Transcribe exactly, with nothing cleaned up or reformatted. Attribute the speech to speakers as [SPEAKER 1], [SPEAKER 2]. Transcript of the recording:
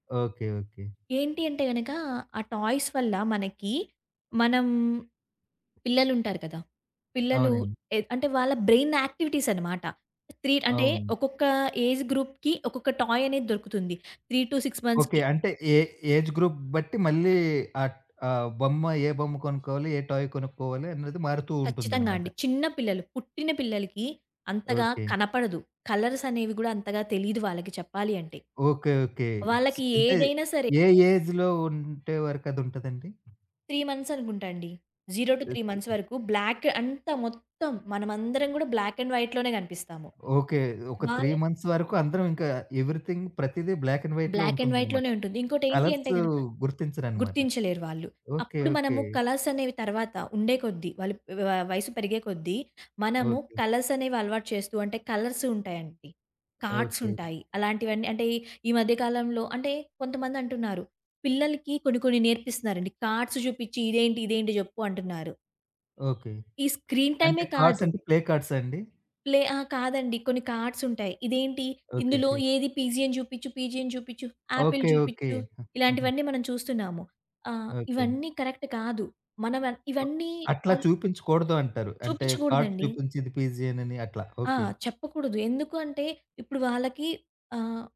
[SPEAKER 1] Okay. Okay.
[SPEAKER 2] ఏంటి అంటే గనక, ఆ టాయ్స్ వల్ల, మనకి మనం పిల్లలు ఉంటారు కదా! పిల్లలు
[SPEAKER 1] అవునండి.
[SPEAKER 2] ఎ అంటే వాళ్ళ బ్రెయిన్ యాక్టివిటీస్ అన్నమాట. త్రీట్ అంటే
[SPEAKER 1] అవును.
[SPEAKER 2] ఒక్కొక్క ఏజ్ గ్రూప్‌కి, ఒక్కొక్క టాయ్ అనేది దొరుకుతుంది. Three two six
[SPEAKER 1] okay.
[SPEAKER 2] మంత్స్‌కి
[SPEAKER 1] అంటే ఏ ఏజ్ గ్రూప్ బట్టి మళ్ళీ ఆట్ ఆహ్, బొమ్మ ఏ బొమ్మ కొనుక్కోవాలి, ఏ టాయ్ కొనుక్కోవాలి అనేది మారుతూ
[SPEAKER 2] ఖచ్చితంగా
[SPEAKER 1] ఉంటుందన్నమాట.
[SPEAKER 2] అండి. చిన్న పిల్లలు, పుట్టిన పిల్లలకి అంతగా
[SPEAKER 1] ఓకే.
[SPEAKER 2] కనపడదు, కలర్స్ అనేవి గూడా అంతగా తెలీదు వాళ్ళకి చెప్పాలి అంటే.
[SPEAKER 1] ఓకే. ఓకే. స్
[SPEAKER 2] వాళ్ళకి
[SPEAKER 1] అంటే
[SPEAKER 2] ఏదైనా సరే.
[SPEAKER 1] ఏ ఏజ్‌లో ఉంటే వరకు, అదుంటదండి?
[SPEAKER 2] త్రీ మంత్స్ అనుకుంటా అండి. Zero two three
[SPEAKER 1] okay.
[SPEAKER 2] Months వరకు బ్లాక్ అంతా, మొత్తం మనందరం గూడా బ్లాక్ అండ్ వైట్‌లోనే గనిపిస్తాము.
[SPEAKER 1] ఓకే. ఒక త్రీ
[SPEAKER 2] వాళ్ళు
[SPEAKER 1] మంత్స్ వరకు అందరం ఇంకా ఎవ్రీథింగ్‌ ప్రతీదీ బ్లాక్ అండ్ వైట్‌లో
[SPEAKER 2] బ్లాక్ అండ్
[SPEAKER 1] ఉంటుందన్నమాట.
[SPEAKER 2] వైట్‌లోనే ఉంటుంది. ఇంకోటి ఏంటంటే
[SPEAKER 1] కలర్స్
[SPEAKER 2] గనక,
[SPEAKER 1] గుర్తించరన్నమాట.
[SPEAKER 2] గుర్తించలేరు వాళ్ళు.
[SPEAKER 1] ఓకే.
[SPEAKER 2] అప్పుడు
[SPEAKER 1] ఓకే.
[SPEAKER 2] మనము కలర్స్ అనేవి తరువాత, ఉండే కొద్దీ, వాళ్ళు వ వయసు పెరిగే కొద్దీ, మనము
[SPEAKER 1] ఓకే.
[SPEAKER 2] కలర్స్ అనేవి అలవాటు చేస్తూ, అంటే కలర్స్ ఉంటాయండి, కార్డ్స్
[SPEAKER 1] ఓకే.
[SPEAKER 2] ఉంటాయి, అలాంటివన్నీ అంటే ఈ మధ్యకాలంలో అంటే కొంతమంది అంటున్నారు. పిల్లలకి కొన్ని, కొన్ని నేర్పిస్తున్నారండి, కార్డ్స్ జూపిచ్చి ఇదేంటి, ఇదేంటి జెప్పు అంటున్నారు.
[SPEAKER 1] ఓకే.
[SPEAKER 2] ఈ స్క్రీన్
[SPEAKER 1] అంటే
[SPEAKER 2] టైమే
[SPEAKER 1] కార్డ్స్
[SPEAKER 2] కాదు.
[SPEAKER 1] అంటే, ప్లే కార్డ్సా అండి?
[SPEAKER 2] ప్లే అహా! కాదండి, కొన్ని కార్డ్స్ ఉంటాయి. ఇదేంటి,
[SPEAKER 1] ఓకే.
[SPEAKER 2] ఇందులో
[SPEAKER 1] ఓకే.
[SPEAKER 2] ఏది పీజియన్ అని జూపిచ్చు, పీజియన్ అని జూపిచ్చు, ఆపిల్
[SPEAKER 1] ఓకే, ఓకే.
[SPEAKER 2] జూపిచ్చు,
[SPEAKER 1] హ్మ్. హుహు.
[SPEAKER 2] ఇలాంటివన్నీ మనం చూస్తున్నాము. ఆహ్,
[SPEAKER 1] ఓకే.
[SPEAKER 2] ఇవన్నీ కరెక్ట్ కాదు. మనం వ
[SPEAKER 1] ఓహ్,
[SPEAKER 2] ఇవన్నీ
[SPEAKER 1] అట్లా
[SPEAKER 2] అల్
[SPEAKER 1] చూపించకూడదు అంటారు. అంటే కార్డ్
[SPEAKER 2] చూపించకూడదండి.
[SPEAKER 1] చూపించి ఇది పీజియన్ అని అట్లా.
[SPEAKER 2] ఆ!
[SPEAKER 1] ఓకే.
[SPEAKER 2] చెప్పకూడదు. ఎందుకు అంటే, ఇప్పుడు వాళ్ళకి ఆహ్